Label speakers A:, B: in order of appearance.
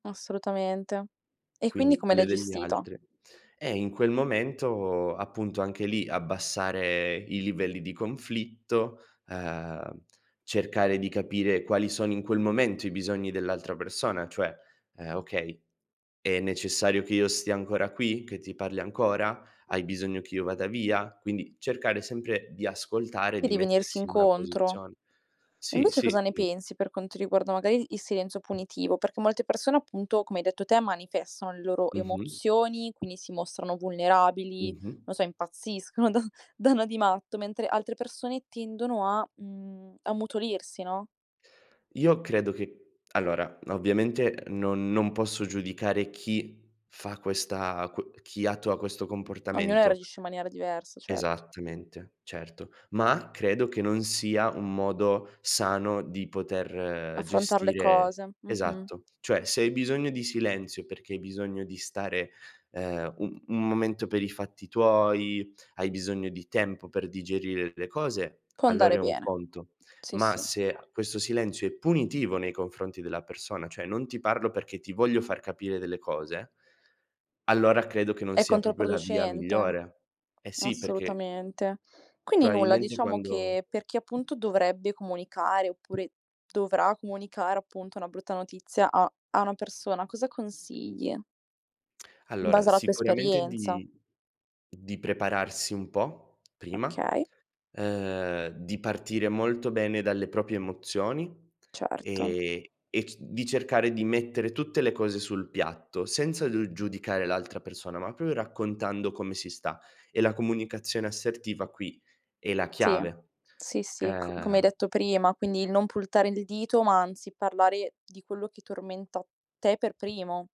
A: Assolutamente. E quindi
B: Quindi
A: come l'hai
B: quelle degli
A: gestita?
B: altre. Eh, in quel momento, appunto, anche lì, abbassare i livelli di conflitto, ehm, cercare di capire quali sono in quel momento i bisogni dell'altra persona, cioè, ehm: "Okay, è necessario che io stia ancora qui? Che ti parli ancora? Hai bisogno che io vada via?" Quindi cercare sempre di ascoltare e
A: E
B: di
A: di venirsi
B: mettersi una
A: incontro.
B: posizion sì,
A: Invece, cosa
B: sì,
A: ne
B: mh.
A: pensi per quanto riguarda magari il silenzio punitivo? Perché molte persone, appunto, come hai detto te, manifestano le loro
B: Mh-mh.
A: emozioni, quindi si mostrano vulnerabili,
B: Mh-mh.
A: non so, impazziscono, do danno di matto, mentre altre persone tendono a, mhmm, ammutolirsi, no?
B: Io credo che allora, ovviamente non non posso giudicare chi fa questa quo chi attua questo
A: Ognuno
B: comportamento
A: reagisce in maniera diversa, certo.
B: esattamente, certo, ma credo che non sia un modo sano di poter
A: Affrontar le
B: gestire
A: cose. Mh-mh.
B: esatto. Cioè, se hai bisogno di silenzio perché hai bisogno di stare, ehm, u un momento per i fatti tuoi, hai bisogno di tempo per digerire le cose,
A: Può andare
B: allora è un
A: bene.
B: conto.
A: Sì,
B: Ma
A: sì.
B: se questo silenzio è punitivo nei confronti della persona, cioè non ti parlo perché ti voglio far capire delle cose allora credo che non
A: È
B: sia proprio la via
A: controproducente,
B: migliore. Eh sì, perché
A: assolutamente. Quindi nulla,
B: Probabilmente
A: diciamo
B: quando
A: che per chi, appunto, dovrebbe comunicare, oppure dovrà comunicare appunto una brutta notizia a a una persona, cosa consigli? In
B: Allora
A: base alla tua
B: sicuramente
A: esperienza.
B: di di prepararsi un po', prima,
A: Okay.
B: ehm, di partire molto bene dalle proprie emozioni
A: Certo.
B: e e c di cercare di mettere tutte le cose sul piatto, senza d giudicare l'altra persona, ma pro raccontando come si sta e la comunicazione assertiva qui è la
A: Sì.
B: chiave.
A: Sì, sì, c come hai
B: Ehm
A: detto prima, quindi il non puntare il dito, ma anzi parlare di quello che tormenta te per primo.